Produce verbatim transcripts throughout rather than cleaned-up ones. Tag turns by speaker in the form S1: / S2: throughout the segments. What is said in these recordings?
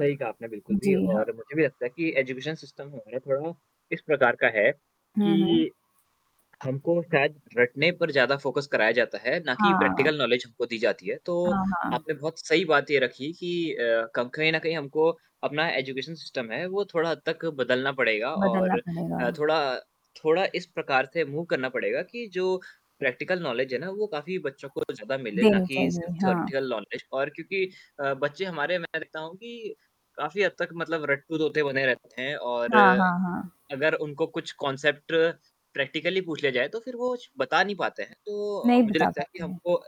S1: सही कहा आपने बिल्कुल
S2: जी
S1: भी
S2: हाँ।
S1: और मुझे भी लगता है कि एजुकेशन सिस्टम हमारा थोड़ा इस प्रकार का है कि
S2: हुँ, हुँ।
S1: हमको शायद रटने पर ज़्यादा फ़ोकस कराया जाता है ना कि
S2: हाँ।
S1: प्रैक्टिकल नॉलेज हमको दी जाती है, तो
S2: हाँ, हाँ।
S1: आपने बहुत सही बात ये रखी कि अ, कम कहीं न कहीं हमको अपना एजुकेशन सिस्टम है वो थोड़ा हद तक बदलना पड़ेगा
S2: बदलना
S1: और
S2: पड़ेगा।
S1: अ, थोड़ा अ, थोड़ा इस प्रकार से मूव करना पड़ेगा कि जो प्रैक्टिकल नॉलेज है ना वो काफ़ी बच्चों को ज़्यादा मिले ना
S2: देनी
S1: कि
S2: चाहिए।
S1: सिर्फ़
S2: हाँ।
S1: थॉरीटिकल नॉलेज और क्योंकि अ, बच्चे हमारे मैं देखता हूँ कि काफ़ी हद तक मतलब रट्टू तोते बने रहते हैं और
S2: हाँ, हाँ, हाँ।
S1: अगर उनको कुछ कॉन्सेप्ट प्रैक्टिकली पूछ लिया जाए तो फिर वो श बता नहीं पाते हैं। तो
S2: नहीं
S1: मुझे
S2: बता
S1: लगता है कि
S2: पाते हैं।
S1: हमको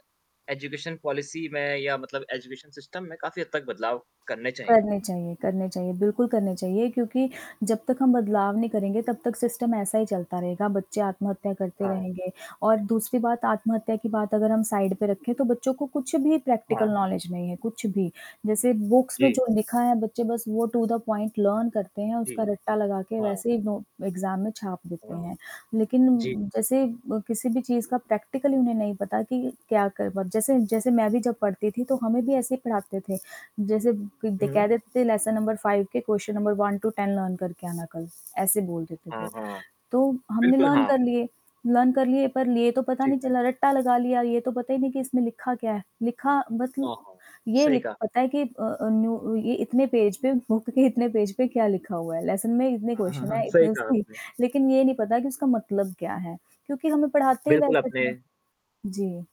S1: एजुकेशन पॉलिसी में या मतलब एजुकेशन सिस्टम में काफ़ी हद तक बदलाव करने चाहिए।
S2: करने चाहिए, करने चाहिए, बिल्कुल करने चाहिए, क्योंकि जब तक हम बदलाव नहीं करेंगे तब तक सिस्टम ऐसा ही चलता रहेगा। बच्चे आत्महत्या करते
S1: हाँ।
S2: रहेंगे और दूसरी बात आत्महत्या की बात अगर हम साइड पे रखें, तो बच्चों को कुछ भी प्रैक्टिकल
S1: हाँ।
S2: नॉलेज नहीं है, कुछ भी। जैसे बुक्स में
S1: जी।
S2: जो लिखा है, बच्चे बस वो टू-द-पॉइंट लर्न करते हैं
S1: जी।
S2: उसका रट्टा लगा के
S1: हाँ।
S2: वैसे ही नो एग्ज़ाम में छाप देते
S1: हाँ।
S2: हैं। लेकिन
S1: जी।
S2: उम, जैसे म किसी भी चीज़ का प्रैक्टिकल उन्हें नहीं पता कि क्या करवा जैसे जैसे मैं भी जब पढ़ती थी, तो हमें भी ऐसे ही पढ़ाते थे। जैसे क द
S1: हुँ, हुँ।
S2: कह देते थे लेसन नंबर फाइव के question number one two ten learn करके आना कल, ऐसे बोल देते थे।
S1: हाँ, हाँ।
S2: तो हमने
S1: बिल्कुल,
S2: लर्न
S1: हाँ।
S2: कर लिए। लर्न कर लिए पर लिए तो पता
S1: जी।
S2: नहीं चला रट्टा लगा लिया, ये तो पता ही नहीं कि इसमें लिखा क्या है? लिखा मतल
S1: हाँ, हाँ।
S2: ये
S1: सही
S2: लि
S1: कहा।
S2: पता है कि अ अ, न्यू अ, ये इतने पेज पे बुक के इतने पेज पे क्या लिखा हुआ है? लेसन में इतने
S1: हाँ, हाँ,
S2: क्वेश्चन
S1: हाँ।
S2: हैं,
S1: सही
S2: इतने
S1: कहा
S2: उसकी
S1: आपने।
S2: लेकिन ये नहीं पता कि उसका मतलब क्या है? क्योंकि हमें पढ़ाते ही
S1: बिल्कुल
S2: वैसे
S1: आपने
S2: थे। जी।